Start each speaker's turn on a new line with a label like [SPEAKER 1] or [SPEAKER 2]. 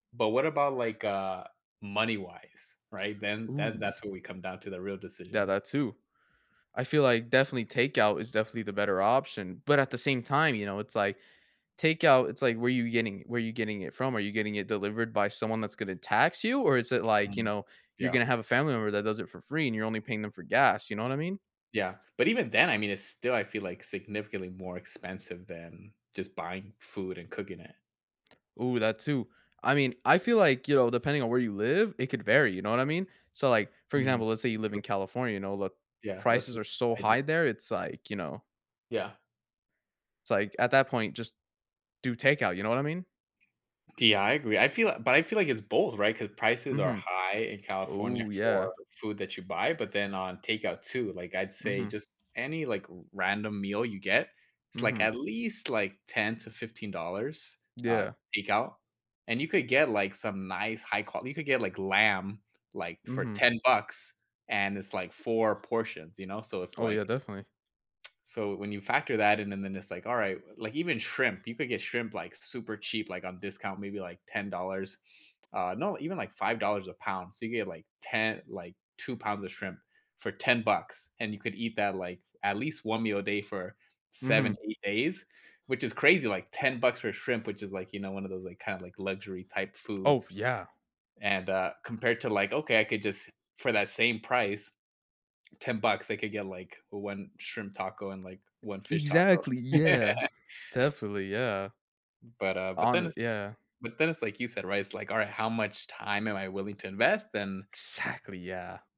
[SPEAKER 1] But what about, like, uh, money-wise, right, then then
[SPEAKER 2] Ooh.
[SPEAKER 1] that's what we come down to the real
[SPEAKER 2] Yeah,
[SPEAKER 1] decisions.
[SPEAKER 2] that too. I feel like definitely takeout is definitely the better option, but at the same time, you know, it's like takeout it's like, where you getting where you getting it from? Are you getting it delivered by someone that's gonna tax you, or is it like you
[SPEAKER 1] Mm,
[SPEAKER 2] know, you're
[SPEAKER 1] yeah.
[SPEAKER 2] gonna have a family member that does it for free, and you're only paying them for gas, you know what I mean.
[SPEAKER 1] Yeah, but even then, I mean, it's still I feel like significantly more expensive than just buying food and cooking it.
[SPEAKER 2] Ooh, that too. I mean, I feel like, you know, depending on where you live, it could vary, you know what I mean, so, like, for
[SPEAKER 1] Mm,
[SPEAKER 2] example, let's say you
[SPEAKER 1] that's
[SPEAKER 2] live
[SPEAKER 1] true.
[SPEAKER 2] in California, you know, the
[SPEAKER 1] Yeah, that's
[SPEAKER 2] prices
[SPEAKER 1] what
[SPEAKER 2] are so
[SPEAKER 1] I do.
[SPEAKER 2] high there, it's like, you know
[SPEAKER 1] Yeah.
[SPEAKER 2] It's like, at that point, just do takeout, you know what I mean.
[SPEAKER 1] De I yeah, I agree, I feel a but, I feel like it's both, right, 'cause prices are
[SPEAKER 2] Mhm.
[SPEAKER 1] high in California
[SPEAKER 2] Oh, yeah.
[SPEAKER 1] for food that you buy, but then on takeout too, like, I'd say
[SPEAKER 2] Mhm.
[SPEAKER 1] just any, like, r random meal you get, it's, like,
[SPEAKER 2] Mhm.
[SPEAKER 1] at least, like, $10 to $15 uh,
[SPEAKER 2] Yeah.
[SPEAKER 1] takeout, and you could get, like, some nice high qual you could get like lamb, like, for
[SPEAKER 2] Mhm.
[SPEAKER 1] 10 bucks and it's, like, 4 portions, you know, so, it's
[SPEAKER 2] Oh yeah,
[SPEAKER 1] like
[SPEAKER 2] definitely.
[SPEAKER 1] So, when you factor that in, and then it's like, "All right," w like, even shrimp, you could get shrimp, like, super cheap, like on discount, maybe, like, $10, uh no, even, like, $5 a pound, so, you get, like, te like 2 pounds of shrimp for 10 bucks, and you could eat that, like, at least 1 meal a day for 7,
[SPEAKER 2] Mhm.
[SPEAKER 1] 8 days, which is crazy. Like $10 for shrimp, which is, like, you know, one of those, like kinda, like, luxury type
[SPEAKER 2] Oh,
[SPEAKER 1] foods.
[SPEAKER 2] yeah.
[SPEAKER 1] And, uh, compared to, like, "Okay, I could just for that same price" 10 bucks, like could get like 1 shrimp taco and like 1 fish taco.
[SPEAKER 2] Exactly, yeah, definitely, yeah.
[SPEAKER 1] M but uh, but
[SPEAKER 2] On
[SPEAKER 1] then
[SPEAKER 2] it,
[SPEAKER 1] it's
[SPEAKER 2] yeah.
[SPEAKER 1] but then it's like you said, right it's like, "All right, how much time am I willing to invest and"
[SPEAKER 2] Exactly, yeah.